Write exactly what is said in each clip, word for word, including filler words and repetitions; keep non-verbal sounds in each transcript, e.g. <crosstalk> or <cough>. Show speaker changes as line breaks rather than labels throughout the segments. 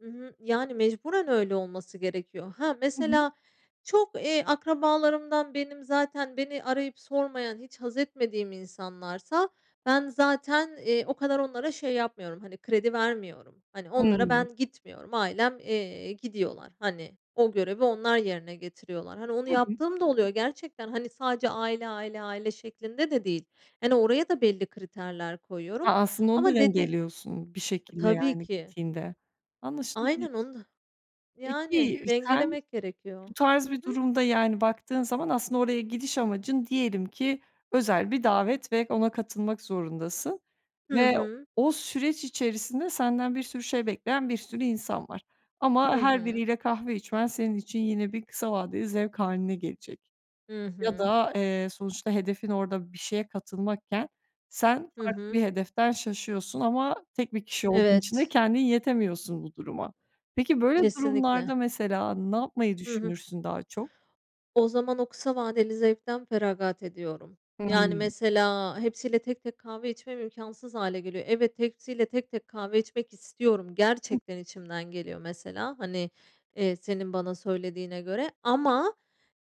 Hı hı, yani, mecburen öyle olması gerekiyor. He,
Hı hı.
mesela çok, eee, akrabalarımdan benim zaten beni arayıp sormayan hiç haz etmediğim insanlarsa ben zaten, eee, o kadar onlara şey yapmıyorum, hani, kredi vermiyorum. Hani, onlara
Hımm.
ben gitmiyorum ailem, eee, gidiyorlar, hani, o görevi onlar yerine getiriyorlar, hani, onu
Hı hı.
yaptığım da oluyor gerçekten, hani, sadece aile, aile, aile şeklinde de değil. Hani, oraya da belli kriterler koyuyorum
A, aslında onu da
ama dedi
dengeliyorsun bir
I
şekilde,
tabii
yani,
ki.
gittiğinde. Anlaşılabilir.
Aynen onu da Yani,
Peki, ııı, sen
dengelemek gerekiyor,
bu tarz
hı
bir
hı.
durumda, yani, baktığın zaman aslında oraya gidiş amacın diyelim ki özel bir davet ve ona katılmak zorundasın
Hı
ve
hı.
o süreç içerisinde senden bir sürü şey bekleyen bir sürü insan var. Ama
Hı
her
hı.
biriyle kahve içmen senin için yine bir kısa vadeli zevk hâline gelecek.
Hı
Ya
hı.
da, eee, sonuçta hedefin orada bir şeye katılmakken sen
Hı
farklı
hı.
bir hedeften şaşıyorsun ama tek bir kişi olduğun için de
Evet.
kendin yetemiyorsun bu duruma. Peki böyle
Kesinlikle.
durumlarda mesela ne yapmayı
Hı hı.
düşünürsün daha çok?
O zaman o kısa vadeli zevkten feragat ediyorum. Yani,
Hımm.
mesela hepsiyle tek tek kahve içmem imkânsız hâle geliyor Evet hepsiyle tek tek kahve içmek istiyorum
Hı hı.
gerçekten içimden geliyor mesela, hani, eee, senin bana söylediğine göre ama,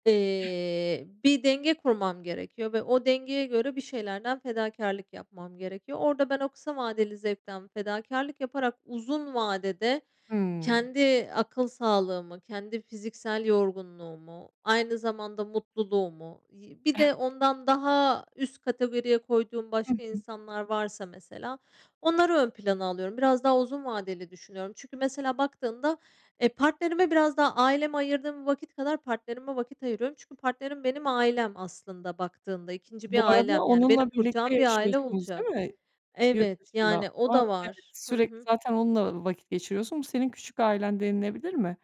eee, bir denge kurmam gerekiyor ve o dengeye göre bir şeylerden fedakârlık yapmam gerekiyor. Orada ben o kısa vadeli zevkten fedakârlık yaparak uzun vadede
Hımm.
kendi akıl sağlığımı, kendi fiziksel yorgunluğumu, aynı zamanda mutluluğumu yi bir de ondan
<chuckles>
daha üst kategoriye koyduğum
Hı
başka
hı.
insanlar varsa mesela onları ön plana alıyorum, biraz daha uzun vadeli düşünüyorum. Çünkü mesela baktığımda, eee, partnerime biraz daha aileme ayırdığım vakit kadar partnerime vakit ayırıyorum Çünkü partnerim benim ailem aslında baktığında ikinci
Bu
bir
arada
ailem, yani, benim
onunla birlikte
kuracağım bir aile
yaşıyorsunuz değil
olacak.
mi
Evet,
yurtdışında? O
yani, o
zaman,
da
evet,
var. Hı
sürekli
hı.
zaten onunla vakit geçiriyorsun. Bu senin "küçük ailen" denilebilir mi?